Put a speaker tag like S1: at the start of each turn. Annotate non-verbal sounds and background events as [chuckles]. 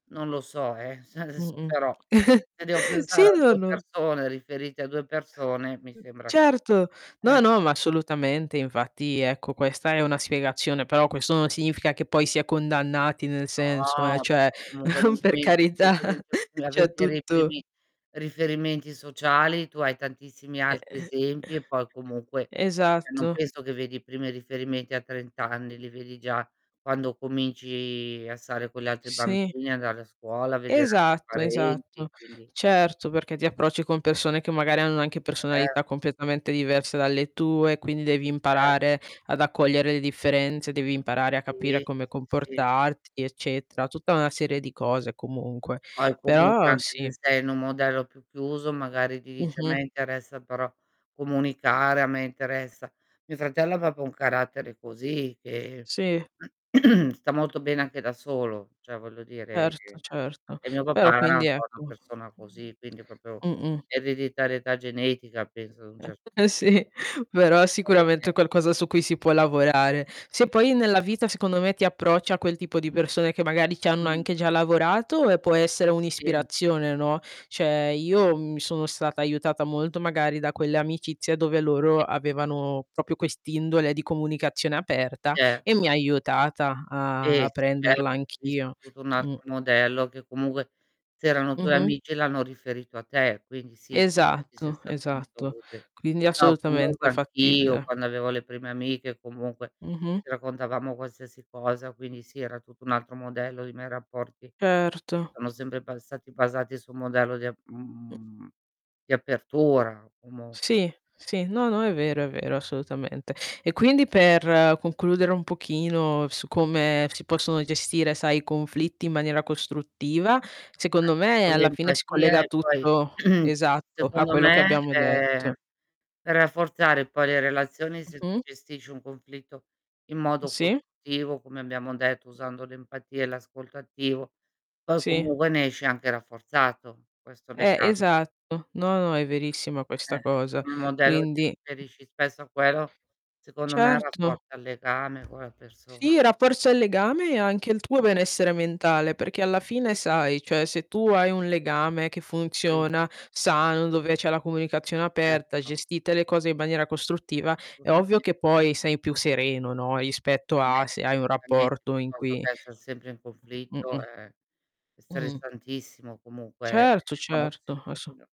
S1: Non lo so, eh. Se adesso,
S2: Mh-mh.
S1: però
S2: [chuckles]
S1: se devo
S2: Sì,
S1: pensare a
S2: no,
S1: 2
S2: no.
S1: persone, riferite a 2 persone, mi sembra che
S2: Certo. No,
S1: eh.
S2: no, ma assolutamente infatti, ecco, questa è una spiegazione, però questo non significa che poi si è condannati nel senso, eh,
S1: No, perché
S2: cioè
S1: comunque nel
S2: [chuckles] per
S1: momento in cui
S2: carità,
S1: cominci a v a
S2: cioè
S1: vedere i
S2: tutto
S1: primi riferimenti sociali tu hai tantissimi altri
S2: Ehm,
S1: esempi, e poi comunque
S2: [clears throat]
S1: cioè non
S2: esatto.
S1: penso che vedi i primi riferimenti a 30 anni, li vedi già quando cominci a stare con gli altri
S2: Sì.
S1: bambini, andare a scuola, vedere altri
S2: Esatto, esatto.
S1: parenti, quindi
S2: Certo, perché ti approcci con persone che magari hanno anche personalità
S1: Certo.
S2: completamente diverse dalle tue, quindi devi
S1: Eh.
S2: imparare ad accogliere le differenze, devi imparare a capire
S1: Sì,
S2: come
S1: sì, sì.
S2: comportarti, eccetera. Tutta una serie di cose comunque.
S1: Poi comunque,
S2: Però
S1: anche
S2: sì.
S1: se sei in un modello più chiuso, magari ti dice: "A
S2: Mh-mh.
S1: me interessa però comunicare, a me interessa" mio fratello ha proprio un carattere così, che
S2: Sì.
S1: [clears throat] sta molto bene anche da solo. Cioè, voglio dire
S2: Certo,
S1: che
S2: certo.
S1: e mio
S2: Però
S1: papà era
S2: quindi
S1: un po'
S2: ecco,
S1: una persona così, quindi proprio
S2: mh-mh.
S1: ereditarietà genetica, penso, ad un
S2: Eh, e [chuckles]
S1: cer
S2: sì,
S1: punto
S2: però
S1: voglio
S2: sicuramente è
S1: dire.
S2: qualcosa su cui si può lavorare. Se poi nella vita, secondo me ti approcci a quel tipo di persone che magari ci hanno
S1: Mh-mh.
S2: anche già lavorato, eh, può essere
S1: Sì.
S2: un'ispirazione, no, cioè io mi sono stata aiutata molto magari da quelle amicizie dove loro
S1: Sì.
S2: avevano proprio quest'indole di comunicazione aperta
S1: Certo.
S2: e mi ha aiutata a
S1: Sì,
S2: a
S1: sì, certo
S2: prenderla
S1: visto
S2: anch'io.
S1: tutto un
S2: Mh.
S1: altro modello che comunque se erano tuoi
S2: Mh-mh.
S1: amici l'hanno riferito a te, quindi sì, penso ti sia
S2: Esatto,
S1: stato
S2: esatto.
S1: molto utile.
S2: Quindi
S1: No,
S2: assolutamente
S1: comunque anch'io
S2: fattibile.
S1: quando avevo le prime amiche comunque,
S2: Mh-mh.
S1: ci raccontavamo qualsiasi cosa, quindi sì, era tutto un altro modello dei miei rapporti che si
S2: Certo.
S1: sono sempre bastati basati su un modello di a
S2: Mh.
S1: mhmm, di apertura comunque.
S2: Sì, sì, no, no, è vero, è vero, assolutamente. E quindi per concludere un pochino su come si possono gestire, sai, i conflitti in maniera costruttiva,
S1: Eh,
S2: secondo me
S1: con
S2: alla fine si
S1: l'empatia
S2: collega
S1: e poi
S2: tutto
S1: [clears throat]
S2: esatto, a
S1: secondo
S2: quello che
S1: me,
S2: abbiamo detto.
S1: ehm, per rafforzare poi le relazioni, se tu
S2: Mh-mh.
S1: gestisci un conflitto in
S2: Mh,
S1: modo
S2: sì.
S1: costruttivo, come abbiamo detto, usando l'empatia e l'ascolto attivo, poi
S2: Sì.
S1: comunque ne esci anche rafforzato questo
S2: Eh,
S1: legame.
S2: esatto. No, no, è verissima
S1: Eh,
S2: questa
S1: [unintelligible]
S2: cosa.
S1: il modello ti
S2: Quindi
S1: riferisci spesso a quello, secondo me
S2: Certo.
S1: rafforza il legame con la persona.
S2: Sì, rafforza il legame e anche il tuo benessere mentale, perché alla fine
S1: Sì.
S2: sai, cioè se tu hai un legame che
S1: Sì.
S2: funziona, sano, dove c'è la comunicazione aperta,
S1: Certo.
S2: gestite le cose in maniera costruttiva, è ovvio
S1: Assolutamente.
S2: che poi sei più sereno, no, rispetto
S1: Beh,
S2: a
S1: [unintelligible]
S2: se hai
S1: non
S2: un
S1: fa niente
S2: rapporto in
S1: piuttosto
S2: cui
S1: che esser sempre in conflitto,
S2: Mh-mh.
S1: ehm, è
S2: Mh-mh.
S1: stressantissimo, comunque è
S2: Certo, certo,
S1: tossico
S2: asso
S1: [unintelligible]